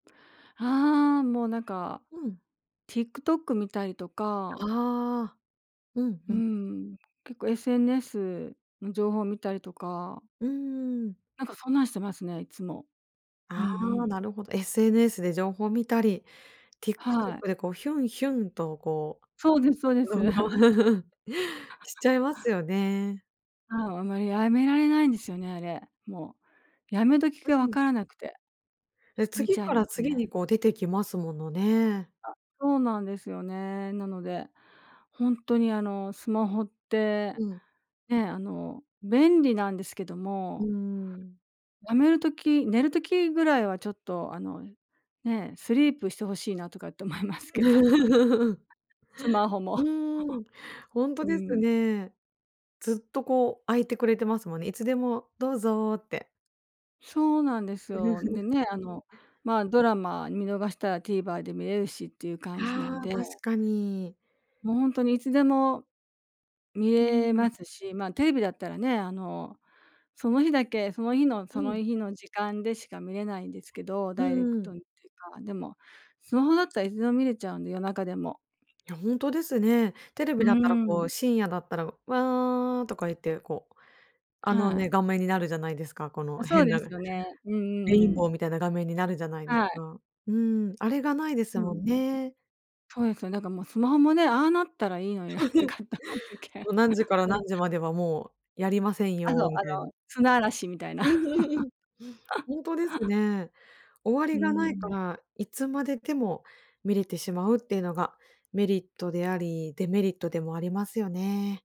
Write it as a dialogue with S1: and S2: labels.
S1: ああ、もうなんか
S2: うん。
S1: TikTok 見たりとか
S2: ああ、うんう
S1: う
S2: ん。
S1: ん、結構 SNS の情報を見たりとか
S2: うんうんうん。
S1: なんかそんなんしてますね、いつも。うん
S2: あ
S1: う
S2: あ、
S1: ん。
S2: なるほど。SNS で情報を見たり、
S1: はい。
S2: TikTok でこうヒュンヒュンとこ
S1: そうですそうで
S2: う
S1: す。
S2: 動画を しちゃいますよね。
S1: ああ、あんまり止められないんですよね、あれ、もう辞め時
S2: う
S1: が分
S2: ん。
S1: からなくて。
S2: で、
S1: 見
S2: 次
S1: ちゃい
S2: か
S1: ま
S2: ら
S1: す
S2: 次に
S1: ね。
S2: こう出てきますものね。
S1: あ、そうなんですよね。なのでほんとにあのスマホって
S2: うん。
S1: ね、あの便利なんですけど
S2: うー
S1: も
S2: ん。
S1: 辞める時、寝る時ぐらいはちょっとあの、ね、スリープして欲しいなとかって思いますけども。スマホも。
S2: う ーん、ほんと
S1: う
S2: です
S1: ん。
S2: ね。ずっとこう開いてくれてますもんね。いつでもどうぞって。
S1: そうなんですよ。でね、あの、まあ、ドラマ見逃したら TVer で見れるしっていう感じな
S2: あ
S1: ん
S2: あ、
S1: で。
S2: 確かに。
S1: もうほんとにいつでも見
S2: うー
S1: れ
S2: ん。
S1: ますし、まあテレビだったらね、あの、その日だけその日の
S2: う
S1: その
S2: ん。
S1: 日の時間でしか見れないんですけど、
S2: う
S1: ダイレ
S2: ん
S1: ク
S2: うん。
S1: トにっていうか。でもスマホだったらいつでも見れちゃうんで、夜中でも。
S2: いやほんとですね。テレビ
S1: う
S2: だったらこう
S1: ん。
S2: 深夜だったら、「わあ」とか言ってこう、あの
S1: は
S2: ね、
S1: い。
S2: 画面になるじゃないですか、こ
S1: あ、
S2: の
S1: そう
S2: 変
S1: で
S2: な
S1: すよ
S2: レ
S1: ね。うんう
S2: イン
S1: んう
S2: ボー
S1: ん。
S2: みたいな画面になるじゃないです
S1: はい。
S2: か。うん、あれがないです
S1: う
S2: も
S1: ん。
S2: んね。
S1: そうですよね。なんかもうスマホもね、ああなったらいいのになとかっ思うと きあ。
S2: 何時から
S1: うん。
S2: 何時まではもうやりません
S1: あの、あ
S2: よみたいな。
S1: の、砂嵐みたいな。
S2: うんうんうん。ほんとです ね。終わ
S1: う
S2: りが
S1: んう
S2: ないか
S1: ん。
S2: ら、いつまででも見れてしまうっていうのがメリットであり、デメリットでもありますよね。